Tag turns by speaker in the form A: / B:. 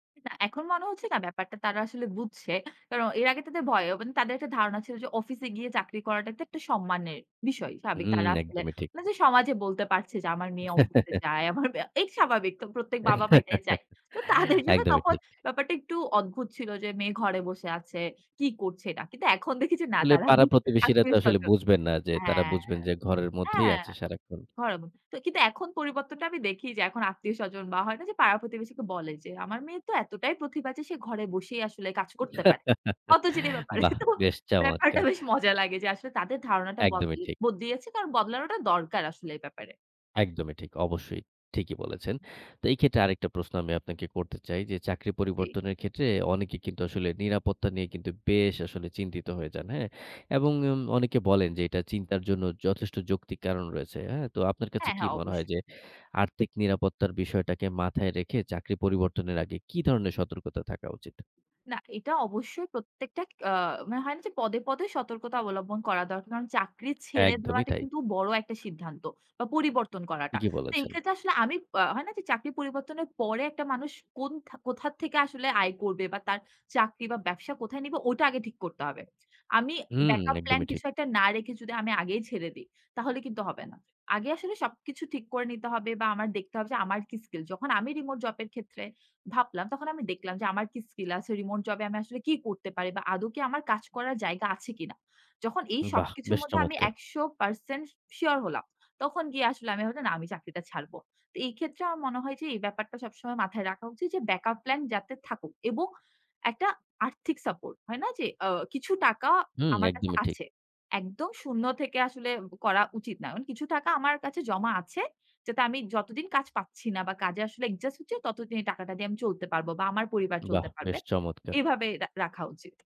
A: না, এখন মনে হচ্ছে না ব্যাপারটা তারা আসলে বুঝছে। কারণ এর আগে তাদের ভয় এবং তাদের একটা ধারণা ছিল যে অফিসে গিয়ে চাকরি করাটা তো একটা সম্মানের বিষয়। স্বাভাবিক
B: হুম,
A: তারা আসলে।
B: একদমই ঠিক।
A: মানে যে সমাজে বলতে পারছে যে আমার মেয়ে অফিসে যায়। আমার মেয়ে এই স্বাভাবিক। তো প্রত্যেক বাবা-মা এটাই যায়। তো তাদের জন্য
B: একদমই
A: তখন
B: ঠিক।
A: ব্যাপারটা একটু অদ্ভুত ছিল যে মেয়ে ঘরে বসে আছে, কি করছে এটা। কিন্তু এখন দেখি যে না
B: আসলে
A: তারা
B: পাড়া-প্রতিবেশীরা তো আসলে
A: আত্মীয়স্বজন
B: বুঝবেন না যে
A: হ্যাঁ,
B: তারা
A: হ্যাঁ।
B: বুঝবেন যে ঘরের মধ্যেই
A: হ্যাঁ,
B: আছে সারাক্ষণ।
A: horrible তো কিন্তু এখন পরিবর্তনটা আমি দেখি যে এখন আত্মীয়স্বজন বা হয় না যে পাড়া-প্রতিবেশীকে বলে যে, "আমার মেয়ে তো এতটাই প্রতিভা আছে, সে ঘরে বসেই আসলে কাজ করতে পারে।" অত জি ব্যাপারে।
B: বাহ!
A: তো
B: বেশ
A: ব্যাপারটা
B: চমৎকার।
A: বেশ মজা লাগে যে আসলে তাদের ধারণাটা বদ
B: একদমই ঠিক।
A: বদলিয়েছে কারণ বদলানোটা দরকার আসলে এই ব্যাপারে।
B: একদমই ঠিক। অবশ্যই ঠিকই বলেছেন। তো এই ক্ষেত্রে আরেকটা প্রশ্ন আমি আপনাকে করতে চাই যে চাকরি
A: জি।
B: পরিবর্তনের ক্ষেত্রে অনেকে কিন্তু আসলে নিরাপত্তা নিয়ে কিন্তু বেশ আসলে চিন্তিত হয়ে যান। হ্যাঁ? এবং উম অনেকে বলেন যে এটা চিন্তার জন্য যথেষ্ট যৌক্তিক কারণ রয়েছে। হ্যাঁ? তো আপনার কাছে
A: হ্যাঁ,
B: কি
A: হ্যাঁ
B: মনে হয়
A: অবশ্যই।
B: যে, আর্থিক নিরাপত্তার বিষয়টাকে মাথায় রেখে চাকরি পরিবর্তনের আগে কি ধরনের সতর্কতা থাকা উচিত?
A: না, এটা অবশ্যই প্রত্যেকটা আ মানে হয় না যে পদে, পদে সতর্কতা অবলম্বন করা দরকার। কারণ চাকরি ছেড়ে
B: একদমই
A: দেওয়াটা
B: তাই।
A: কিন্তু বড় একটা সিদ্ধান্ত। বা পরিবর্তন করাটা।
B: ঠিকই
A: তো
B: বলেছেন।
A: এক্ষেত্রে আসলে আমি আ হয় না যে চাকরি পরিবর্তনের পরে একটা মানুষ কোন কোথা থেকে আসলে আয় করবে বা তার চাকরি বা ব্যবসা কোথায় নিবে ওটা আগে ঠিক করতে হবে। আমি
B: হুম,
A: ব্যাকআপ প্ল্যান
B: একদমই ঠিক।
A: কিছু একটা না রেখে যদি আমি আগেই ছেড়ে দিই, তাহলে কিন্তু হবে না। আগে আসলে সবকিছু ঠিক করে নিতে হবে বা আমার দেখতে হবে যে আমার কি স্কিল। যখন আমি রিমোট জবের ক্ষেত্রে ভাবলাম তখন আমি দেখলাম যে আমার কি স্কিল আছে। রিমোট জবে আমি আসলে কি করতে পারি বা আদৌ কি আমার কাজ করার জায়গা আছে কিনা? যখন এই
B: বাহ!
A: সবকিছুর
B: বেশ
A: মধ্যে আমি
B: চমৎকার।
A: ১০০% শিওর হলাম। তখন গিয়ে আসলে আমি ভাবলাম না আমি চাকরিটা ছাড়ব। তো এই ক্ষেত্রে আমার মনে হয় যে এই ব্যাপারটা সবসময় মাথায় রাখা উচিত যে ব্যাকআপ প্ল্যান যাতে থাকুক এবং একটা আর্থিক সাপোর্ট হয় না যে আ কিছু টাকা
B: হু,
A: আমার কাছে
B: একদমই ঠিক।
A: আছে। একদম ০ থেকে আসলে করা উচিত না। কিছু টাকা আমার কাছে জমা আছে। যাতে আমি যতদিন কাজ পাচ্ছি না বা কাজে আসলে অ্যাডজাস্ট হচ্ছে ততদিন এই টাকাটা দিয়ে আমি চলতে পারব বা আমার পরিবার
B: বাহ!
A: চলতে
B: বেশ
A: পারবে।
B: চমৎকার।
A: এভাবে রা রাখা উচিত।